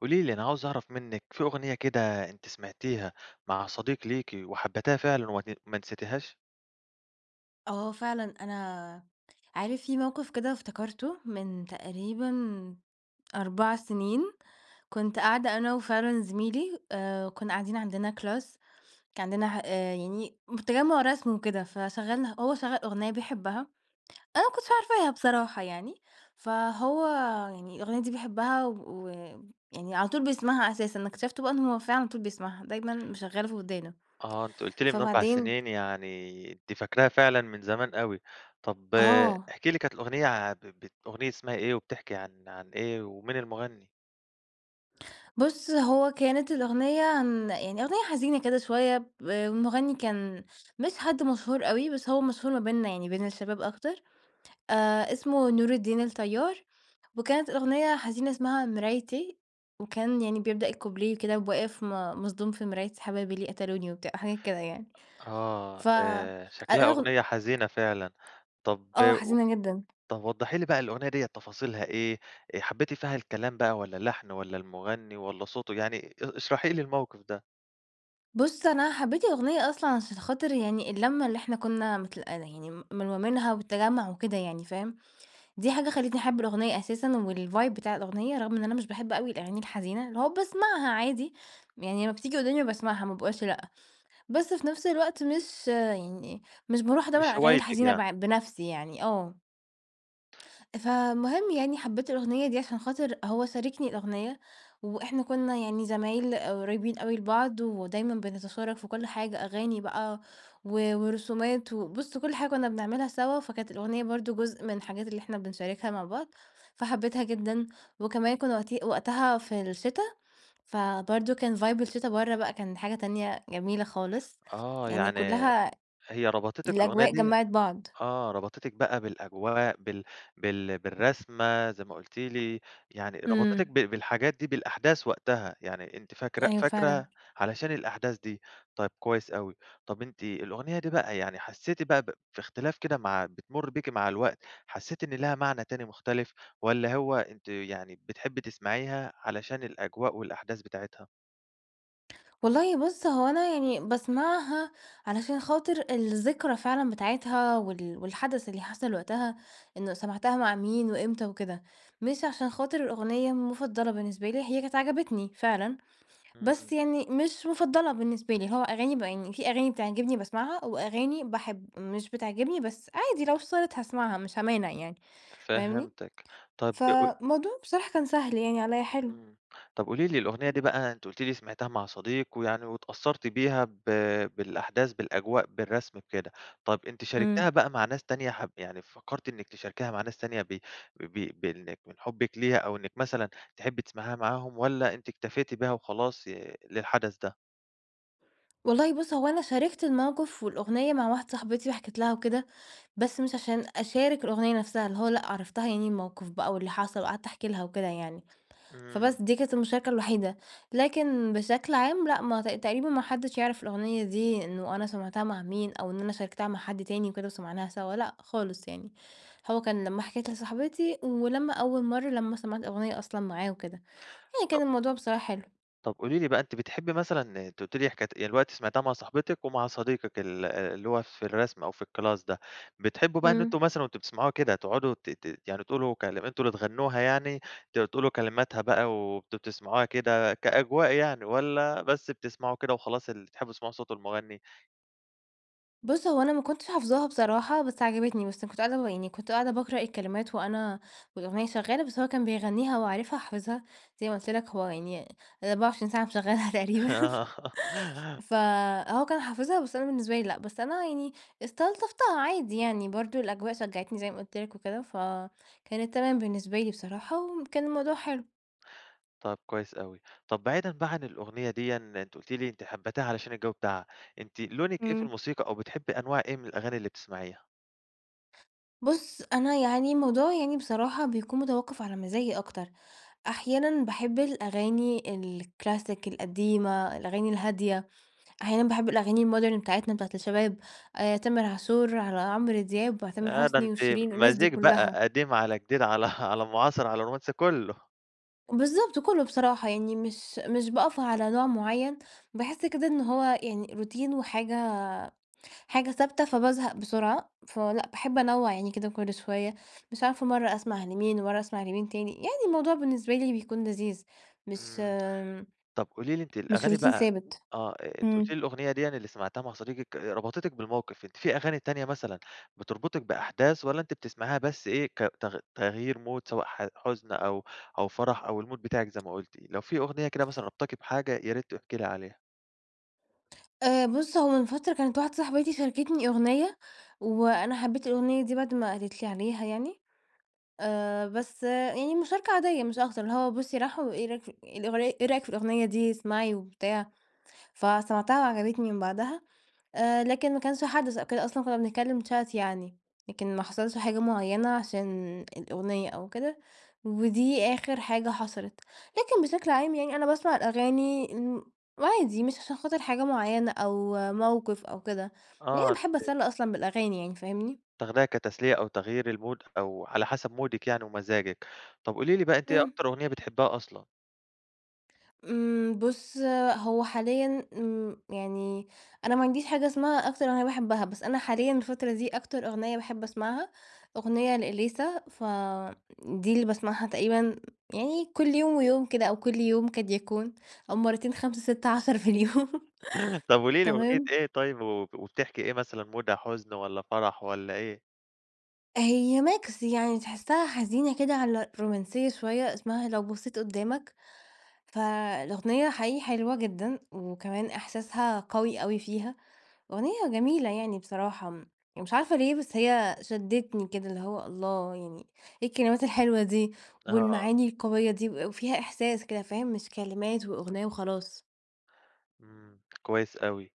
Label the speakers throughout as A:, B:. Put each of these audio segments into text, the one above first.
A: قولي لي، أنا عاوز أعرف منِّك في أغنية كده أنتِ سمعتيها مع صديق ليكِ وحبيتيها فعلًا وما ما نسيتيهاش؟
B: آه، فعلًا أنا عارف في موقف كده افتكرته من تقريبًا 4 سنين. كنت قاعدة أنا وفعلًا زميلي آآ، كنّا قاعدين عندنا class كان عندنا ح آآ، يعني تجمع رسم وكده، فشغلنا هو شغّل أغنية بيحبها، أنا ما كُنتش عارفاها بصراحة يعني، فهو يعني الأغنية دي بيحبها ويعني على طول بيسمعها أساسًا. أنا أكتشفته بقى إن هو فعلًا علي طول بيسمعها، دايمًا مشغّلها في ودانه.
A: آه. أنتِ قُلتِ لي من 4
B: فبعدين
A: سنين يعني أنتِ فاكراها فعلًا من زمان أوي. طب
B: آه.
A: احكي لي كانت الأغنية ع ب ب أغنية اسمها إيه؟ وبتحكي عن عن إيه؟ ومين المغني؟
B: بص هو كانت الأغنية عن يعني أغنية حزينة كده شويّة ب المغني كان مش حد مشهور أوي، بس هو مشهور ما بيننا يعني بين الشباب أكتر، آآ، اسمه نور الدين الطيار، وكانت الأغنية حزينة اسمها مرايتي. وكان يعني بيبدأ الكوبليه كده وبواقف م مصدوم في مرايتي حبايبي ليه قتلوني وبتاع وحاجات كده يعني.
A: آه
B: ف ال
A: آآ، شكلها
B: الأغن
A: أغنية حزينة فعلًا. طب
B: آه،
A: قو
B: حزينة جدًا.
A: طب وضحي لي بقى الأغنية ديّة تفاصيلها إيه؟ حبيتِ فيها الكلام بقى، والّا اللحن والّا المغني والّا صوته يعني؟ ا اشرحي لي الموقف ده.
B: بُص أنا حبيت الأغنية أصلًا عشان خاطر يعني اللمة اللي إحنا كنا متل ل يعني م ملمومينها والتجمع وكده يعني، فاهم؟ دي حاجة خلّيتني أحب الأغنية أساسًا و الvibe بتاع الأغنية، رغم إن أنا مش باحب أوي الأغاني الحزينة، اللي هو باسمعها عادي، يعني لمّا بتيجي قدامي باسمعها ما باقولش لأ. بس في نفس الوقت مش يعني مش باروح أدور
A: مش
B: على الأغاني
A: هوايتِك
B: الحزينة
A: يعني.
B: بع بنفسي يعني، آه. فالمهم يعني حبيت الأغنية دي عشان خاطر هو شاركني الأغنية وإحنا كنا يعني زمايل قريبين أوي لبعض، ودايمًا بنتشارك في كل حاجة، أغاني بقى و ورسومات وبُص كل حاجة كنا بنعملها سوا، فكانت الأغنية برضه جزء من الحاجات اللي إحنا بنشاركها مع بعض، فحبيتها جدًا، وكمان كنا وقتي وقتَها في الشتا، فبرضه كان vibe الشتا برّه بقى كان حاجة تانية جميلة خالص،
A: آه
B: يعني
A: يعني
B: كلها
A: هي ربطتِك الأغنية
B: الأجواء
A: دي
B: جمعِت بعض.
A: آه ربطتِك بقى بالأجواء بال بال بالرسمة، زي ما قُلتِ لي، يعني ربطتِك
B: امم.
A: ب بالحاجات دي بالأحداث وقتها، يعني أنتِ فاكرة
B: أيوه
A: فاكرة
B: فعلًا.
A: علشان الأحداث دي. طيب كويس أوي، طب أنتِ الأغنية دي بقى يعني حسيتِ بقى ب في اختلاف كده مع بتمُر بيكِ مع الوقت، حسيتِ إن ليها معنى تاني مختلف والَّا هو أنتِ يعني بتحبي تسمعيها علشان الأجواء والأحداث بتاعتها؟
B: والله بُص هو أنا يعني باسمعها علشان خاطر الذكرى فعلًا بتاعتها وال والحدث اللي حصل وقتها، إنه سمعتها مع مين، وإمتى وكده، مش عشان خاطر الأغنية مُفضلة بالنسبة لي، هي كانت عجبتني فعلًا،
A: إمم.
B: بس يعني مش مُفضلة بالنسبة لي، هو أغاني ب يعني في أغاني بتعجبني باسمعها، وأغاني باحب مش بتعجبني بس عادي لو اشتغلت هاسمعها، مش هامانع يعني، فاهمني؟
A: فهمتك. طب ق
B: فالموضوع بصراحة كان سهل يعني عليَّ حلو.
A: إمم، طب قولي لي الأغنية
B: إمم.
A: دي بقى أنتِ قلتِ لي سمعتها مع صديق، ويعني واتأثرتِ بيها ب بالأحداث بالأجواء، بالرسم بكده، طب أنتِ شاركتيها
B: إمم.
A: بقى مع ناس تانية حب يعني فكرتِ إنك تشاركيها مع ناس تانية ب ب ب بإنك من حبك ليها، أو إنك مثلًا تحبي تسمعيها معاهم؟ والّا أنتِ اكتفيتِ بيها وخلاص ي للحدث ده؟
B: والله بُص هو أنا شاركت الموقف والأغنية مع واحدة صاحبتي، وحكيت لها وكده، بس مش عشان أشارك الأغنية نفسها اللي هو لأ، عرّفتها يعني الموقف بقى، واللي حصل وقعدت أحكي لها وكده يعني،
A: إمم.
B: فبس دي كانت المشاركة الوحيدة. لكن بشكل عام لأ، ما تق تقريبًا ما حدش يعرف الأغنية دي إنه أنا سَمعتها مع مين، أو إن أنا شاركتها مع حد تاني وكده وسمعناها سوا لأ، خالص يعني. هو كان لمّا حكيت لصاحبتي، ولمّا أول مرة لما سَمعت الأغنية أصلًا معاه وكده. يعني كان
A: طب
B: الموضوع بصراحة حلو.
A: طب قولي لي بقى أنتِ بتحبي مثلًا أنتِ قلتِ لي حكاية يعني دلوقتي سمعتِيها مع صاحبتِك، ومع صديقِك ال آآ اللي هو في الرسم أو في الكلاس ده. بتحبوا بقى إن أنتم
B: امم.
A: مثلًا وأنتم بتسمعوها كده تقعدوا ت ت يعني تقولوا كلم أنتم اللي تغنوها يعني، ت تقولوا كلماتها بقى وبت بتسمعوها كده كأجواء يعني، والّا بس بتسمعوا كده وخلاص ال بتحبوا تسمعوا صوت المغني؟
B: بُص هو أنا ما كنتش حافظاها بصراحة بس عجبتني، بس أنا كنت قاعدة ب يعني كنت قاعدة باقرأ الكلمات وأنا والأغنية شغالة بس هو كان بيغنيها، هو عارفها وحافظها زي ما قلت لك، هو يعني ال24 ساعة مشغلها تقريبًا.
A: آه.
B: فهو كان حافظها بس أنا بالنسبة لي لأ، بس أنا يعني استلطفتها عادي يعني برضه الأجواء شجَّعتني زي ما قلت لك وكده، فكانت تمام بالنسبة لي بصراحة، وم كان الموضوع حلو.
A: طب كويس أوي. طب بعيدًا بقي عن الأغنية ديًا، أنتِ قلتِ لي أنتِ حبتِيها علشان الجو بتاعها. أنتِ لونِك إيه في
B: امم.
A: الموسيقى أو بتحبي أنواع إيه من الأغاني اللي بتسمعيها؟
B: بُص أنا يعني الموضوع يعني بصراحة بيكون متوقف على مزاجي أكتر. أحيانًا باحب الأغاني الكلاسيك القديمة، الأغاني الهادية، أحيانا باحب الأغاني الmodern بتاعتنا بتاعة الشباب، آآ، تامر عاشور، على عمرو دياب، علي تامر
A: ياه ده
B: حسني
A: أنتِ
B: وشيرين، الناس دي
A: مزيج
B: كلها.
A: بقى قديم على جديد على على معاصر على رومانسي كله.
B: بالضبط، كله بصراحة يعني مش مش باقف على نوع مُعيّن، باحس كده إن هو يعني روتين وحاجة حاجة ثابتة فبازهق بسرعة. فلأ، باحب أنوع يعني كده كل شوية، مش عارفة مرة أسمع لمين ومرة أسمع لمين تاني، يعني الموضوع بالنسبة لي بيكون لذيذ، مش
A: امم، طب قولي لي أنتِ
B: مش
A: الأغاني
B: روتين
A: بقى
B: ثابت.
A: آه أنتِ قُلتِ
B: امم.
A: لي الأغنية دِيًا اللي سمعتيها مع صديقِك ربطتِك بالموقف، أنتِ في أغاني تانية مثلًا بتربطِك بأحداث والّا أنتِ بتسمعيها بس إيه ك تغ تغيير مود سواء حَ حُزن أو أو فرح أو المود بتاعك زي ما قُلتِ؟ لو في أغنية كده مثلًا رابطاكِ بحاجة يا ريت تحكي لي عليها.
B: آآ بُص، هو من فترة كانت واحدة صاحبتي شاركتني أغنية، وأنا حبيت الأغنية دي بعد ما قالت لي عليها يعني. آآ بس يعني مشاركة عادية مش أكتر، اللي هو بُصّي، راحوا إيه رأيك ف الأغني إيه رأيك في الأغنية دي، اسمعي وبتاع. فسمعتها وعجبتني من بعدها، آآ لكن ما كانش حدث أو كده أصلًا كنا بنتكلم chat يعني، لكن ما حصلش حاجة مُعيّنة عشان الأغنية أو كده، ودي آخر حاجة حصلت. لكن بشكل عام يعني أنا باسمع الأغاني، امم، عادي مش عشان خاطر حاجة مُعيّنة أو موقف أو كده، يعني
A: آه
B: باحب
A: [unintelligible]
B: اتسلي أصلًا بالأغاني يعني فاهمني؟
A: تاخديها كتسلية أو تغيير المود أو على حسب مودِك يعني ومزاجِك. طب قولي لي بقى، أنتِ إيه
B: امم.
A: أكتر أغنية بتحبيها أصلًا؟
B: امم، بُص هو حاليًا، امم، يعني أنا ما عنديش حاجة إسمها أكتر أغنية باحبها. بس أنا حاليًا الفترة دي أكتر أغنية باحب أسمعها أغنية لإليسا، فدي اللي باسمعها تقريبًا يعني كل يوم ويوم كده، أو كل يوم قد يكون، أو مرتين 5، 6، 10 في اليوم.
A: طب قولي لي أغنية
B: تمام.
A: إيه طيب وب وبتحكي إيه، مثلًا مودها حزن والّا فرح والّا إيه؟
B: هي mix يعني تحسها حزينة كده، على رومانسية شوية، إسمها لو بصيت قدامك. فالأغنية حقيقي حلوة جدًا، وكمان احساسها قوي أوي فيها، أغنية جميلة يعني بصراحة، م مش عارفة ليه بس هي شدتني كده اللي هو الله يعني، إيه الكلمات الحلوة دي؟
A: آه.
B: والمعاني القوية دي و وفيها إحساس كده فاهم مش كلمات وأغنية وخلاص.
A: امم، كويس أوي.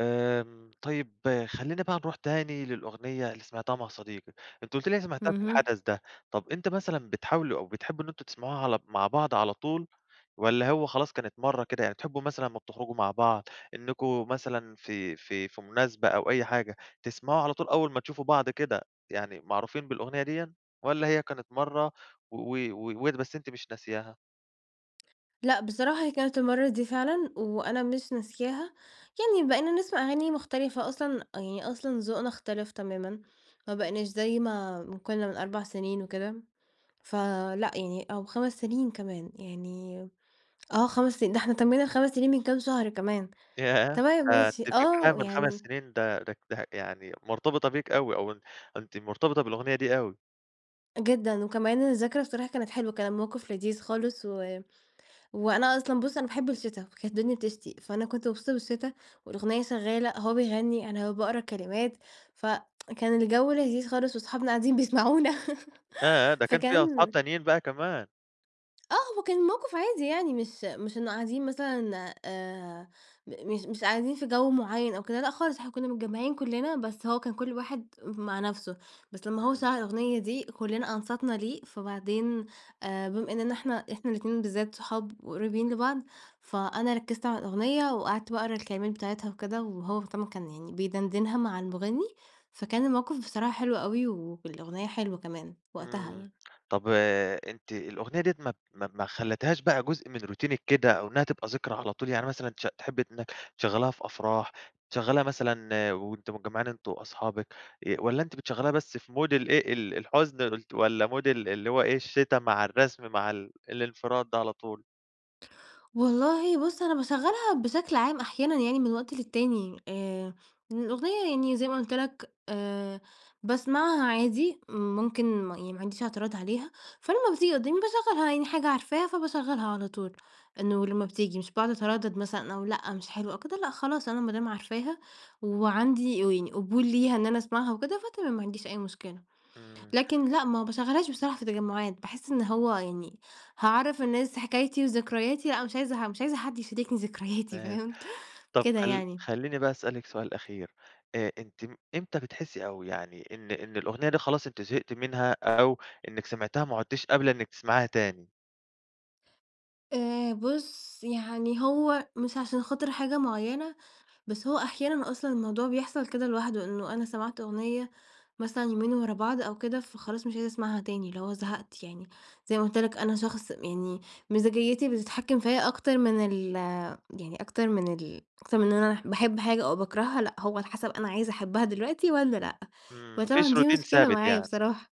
A: آمم، طيب خلّينا بقى نروح تاني للأغنية اللي سمعتيها مع صديقِك، أنتِ قُلتِ لي سمعتيها في
B: اهم.
A: الحدث ده. طب إمتي مثلًا بتحاولوا أو بتحبوا إن أنتم تسمعوها على مع بعض على طول، والّا هو خلاص كانت مرة كده؟ يعني تحبوا مثلًا لمّا بتخرجوا مع بعض إنكم مثلًا في في في مناسبة، أو أي حاجة، تسمعوا على طول أول ما تشوفوا بعض كده، يعني معروفين بالأغنية ديًا، والّا هي كانت مرة و و ود بس أنتِ مش ناسياها؟
B: لأ بصراحة هي كانت المرّة دي فعلًا، وأنا مش ناسياها. يعني بقينا نسمع أغاني مختلفة أصلًا، يعني أصلًا ذوقنا اختلف تمامًا، ما بقيناش زي ما ما كنّا من 4 سنين وكده، فلأ يعني أو 5 سنين كمان، يعني آه، 5 سني ده إحنا تمينا ال5 سنين من كام شهر كمان.
A: ياه!
B: تمام
A: [unintelligible]
B: ماشي
A: أنتِ فكراها
B: آه
A: من 5
B: يعني
A: سنين ده -ده ده يعني مرتبطة بيك أوي أو أن أنتِ مرتبطة بالأغنية دي أوي.
B: جدًًا، وكمان الذكرى بصراحة كانت حلوة، كان الموقف لذيذ خالص، و وأنا أصلًا بُص أنا باحب الشتا، كانت الدنيا بتشتي، فأنا كنت مبسوطة بالشتا والأغنية شغّالة، هو بيغني، أنا باقرأ الكلمات، ف كان الجو لذيذ خالص، وصحابنا قاعدين بيسمعونا
A: ياه! ده كان فيها أصحاب
B: فكان
A: تانيين بقى كمان؟
B: آه هو كان الموقف عادي يعني، مش مش إنّه قاعدين مثلًا آآ، م مش مش قاعدين في جو معيّن أو كده لأ، خالص، إحنا كنّا متجمعين كلنا بس هو كان كل واحد ام مع نفسه، بس لمّا هو
A: امم.
B: شغل الأغنية دي، كلنا أنصتنا ليه فبعدين آآ، بما إننا إحنا إحنا الاتنين بالذات، صحاب وقريبين لبعض، فأنا ركزت على الأغنية وقعدت باقرا الكلمات بتاعتها وكده، وهو مهتم وكان يعني بيدندنها مع المغني، فكان الموقف بصراحة حلو أوي، وفي الأغنية حلو كمان وقتها
A: امم.
B: يعني.
A: طب أنتِ الأغنية دِيَّة ما ما ب ما خلتهاش بقى جزء من روتينك كده؟ أو إنّها تبقى ذكرى على طول. يعني مثلًا تشغ تحبي إنّك تشغليها في أفراح؟ تشغليها مثلًا وأنتم مجمعين أنتم وأصحابك؟ آآ، والّا أنتِ بتشغليها بس في مود الإيه ال الحزن؟ ت والّا مود ال اللي هو إيه الشتا مع الرسم مع ال الانفراد ده على طول؟
B: والله بُص أنا باشغلها بشكل عام أحيانًا يعني من وقت للتاني. آآ إن الأغنية يعني زي ما قُلت لك، آآ باسمعها عادي، ممكن م يعني ما عنديش اعتراض عليها، فلمّا بتيجي قدامي باشغلها، يعني حاجة عارفاها فباشغلها على طول، إنه لمّا بتيجي مش باقعد اتردد مثلًا أقول لأ مش حلوة أو كده لأ خلاص أنا مادام عارفاها وعندي [unintelligible] قبول ليها إن أنا أسمعها، وكده فتمام ما عنديش أي مشكلة.
A: امم.
B: لكن لأ ما باشغلهاش بصراحة في تجمعات، باحس إن هو يعني هاعرَّف الناس حكايتي وذكرياتي، لأ مش عايزة ح مش عايزة حد يشاركني ذكرياتي
A: فاهم.
B: فاهم،
A: طب
B: كده
A: خلّ
B: يعني.
A: خلّيني بقى أسألِك سؤال أخير. آآ أنتِ م امتى بتحسي أو يعني إن إن الأغنية دي خلاص أنتِ زهقتِ منها أو إنكِ سمعتيها وما عدتيش قابلة إنِك تسمعيها تاني؟
B: آآ بُص يعني هو مش عشان خاطر حاجة مُعيّنة، بس هو أحيانًا أصلًا الموضوع بيحصل كده لوحده، إنه أنا سمعت أغنية مثلًا يومين ورا بعض أو كده فخلاص مش عايزة أسمعها تاني، اللي هو زهقت يعني، زي ما قُلت لك، أنا شخص يعني مزاجيّتي بتتحكم فيَّ أكتر من ال يعني أكتر من ال أكتر من أنا ح باحب حاجة أو باكرهها، لأ، هو على حسب أنا عايزة أحبها دلوقتي والّا لأ،
A: امم، ما فيش
B: وطبعًا دي
A: routine
B: مشكلة
A: ثابت
B: معايا
A: يعني.
B: بصراحة.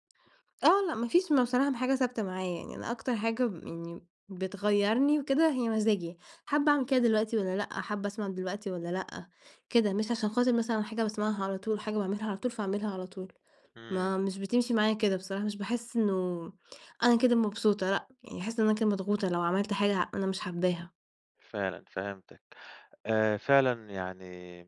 B: آه، لأ ما فيش م بصراحة حاجة ثابتة معايا يعني أنا أكتر حاجة يعني بتغيَّرني وكده هي مزاجي، حابة أعمل كده دلوقتي والّا لأ، حابة أسمع دلوقتي والّا لأ، كده، مش عشان خاطر مثلًا حاجة باسمعها على طول، وحاجة باعملها على طول، فاعملها على طول.
A: امم.
B: ما مش بتمشي معايا كده بصراحة، مش باحس إنه أنا كده مبسوطة، لأ، يعني هاحس إن أنا كده مضغوطة لو عملت حاجة ه أنا مش حاباها.
A: فعلًا، فهمتِك. آآ فعلًا يعني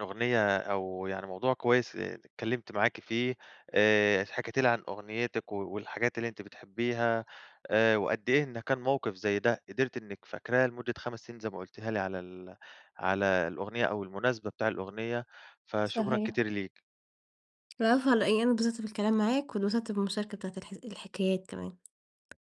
A: الأغنية أو يعني موضوع كويس اتكلمت معاكِ فيه، آآ حكيتِ لي عن أغنيتِك و والحاجات اللي أنتِ بتحبيها، آآ وقد إيه إن كان موقف زي ده قدرتِ إنِك فاكراه لمدة 5 سنين زي ما قُلتيها لي على ال على الأغنية أو المناسبة بتاع الأغنية، فشكرًا
B: صحيح.
A: كتير ليكِ.
B: العفو على إيه. أنا اتبسطت بالكلام معاك، واتبسطت بالمشاركة بتاعة الحذ الحكايات كمان.